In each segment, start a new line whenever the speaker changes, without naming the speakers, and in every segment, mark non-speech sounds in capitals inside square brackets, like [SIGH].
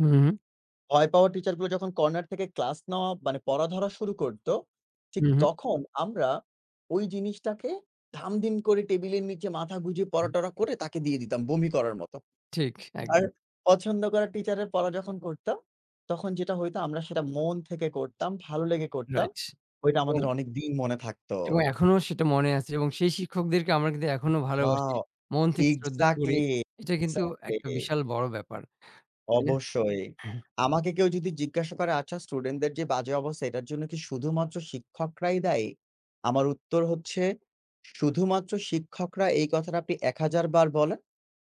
হুম।
ভয় পাওয়া teacher গুলো যখন corner থেকে class নেওয়া মানে পড়া ধরা শুরু করতো ঠিক
হু, হু।
তখন আমরা ওই জিনিসটাকে ধাম-ধিম করে টেবিলের নিচে মাথা গুঁজে পরা-টরা করে তাকে দিয়ে দিতাম বমি করার মতো।
ঠিক
আর
একদম।
পছন্দ করা teacher এর পড়া যখন পড়তাম, তখন যেটা হইতো আমরা সেটা মন থেকে করতাম, ভালো লেগে করতাম।
রাইট।
ওইটা আমাদের
উম
অনেকদিন মনে থাকতো।
এবং এখনও সেটা মনে আছে, এবং সেই শিক্ষকদেরকে আমরা কিন্তু এখনও ভালোবাসি,
Wow!
মন থেকে শ্রদ্ধা করি।
Exactly,
এটা কিন্তু একটা
exactly
বিশাল বড় ব্যাপার। তে
অবশ্যই। আমাকে কেউ যদি জিজ্ঞাসা করে, "আচ্ছা student দের যে বাজে অবস্থা এটার জন্য কি শুধুমাত্র শিক্ষকরাই দায়ী?" আমার উত্তর হচ্ছে শুধুমাত্র শিক্ষকরা এই কথাটা আপনি ১০০০ বার বলেন,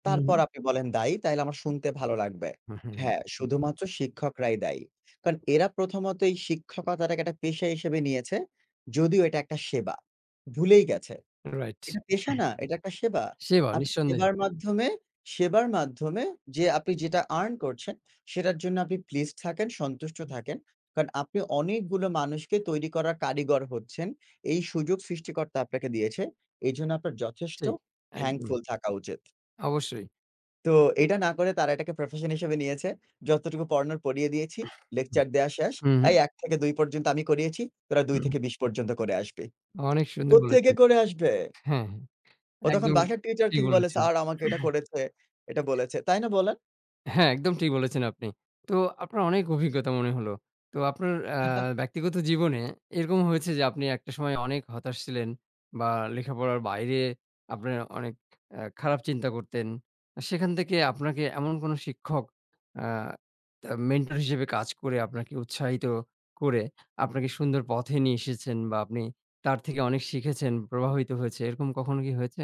হুম।
তারপর আপনি বলেন দায়ী, তাইলে আমার শুনতে ভালো লাগবে।
হু, হু,
হ্যাঁ,
জি।
শুধুমাত্র শিক্ষকরাই দায়ী। কারণ এরা প্রথমত এই শিক্ষকতাটাকে একটা পেশা হিসেবে নিয়েছে, যদিও এটা একটা সেবা। ভুলেই গেছে,
রাইট
এটা পেশা না এটা একটা সেবা।
[CLEARS THROAT] সিওর
আপনি
নিঃসন্দেহে।
সেবার মাধ্যমে সেবার মাধ্যমে যে আপনি যেটা earn করছেন, সেটার জন্য আপনি pleased থাকেন, সন্তুষ্ট থাকেন। কারণ আপনি অনেকগুলো মানুষকে তৈরি করার কারিগর হচ্ছেন, এই সুযোগ সৃষ্টিকর্তা আপনাকে দিয়েছে। এজন্য আপনার যথেষ্ট
ঠিক, একদম।
thankful থাকা উচিত।
অবশ্যই।
তো এইটা না করে তারা এটাকে profession হিসেবে নিয়েছে। যতটুকু পড়ানোর পড়িয়ে দিয়েছি,
হু,
lecture দেওয়া শেষ।
হুম। হুম।
এই ১ থেকে ২ পর্যন্ত আমি করিয়েছি। তোরা ২
হুম।
থেকে ২০ পর্যন্ত করে আসবি।
অনেক সুন্দর
কোত্থেকে
বলেছেন।
করে আসবে?
হ্যাঁ, হ্যাঁ।
ও তখন
একদম
বাসার teacher কে
ঠিক
কি বলে,
বলেছেন।
"স্যার আমাকে এটা
[CLEARS THROAT]
করেছে, এটা বলেছে।" তাই না বলেন?
হ্যাঁ, একদম ঠিক বলেছেন আপনি। তো আপনার অনেক অভিজ্ঞতা মনে হলো। তো আপনার অ্যা
[CHUCKLES]
ব্যক্তিগত জীবনে এরকম হয়েছে যে আপনি একটা সময়ে অনেক হতাশ ছিলেন, বা লেখাপড়ার বাইরে আপনার অনেক অ্যা খারাপ চিন্তা করতেন। অ্যা সেখান থেকে আপনাকে এমন কোন শিক্ষক অ্যা তা মেন্টর হিসেবে কাজ করে আপনাকে উৎসাহিত করে, আপনাকে সুন্দর পথে নিয়ে এসেছেন? বা আপনি তার থেকে অনেক শিখেছেন, প্রভাবিত হয়েছে এরকম কখনো কি হয়েছে?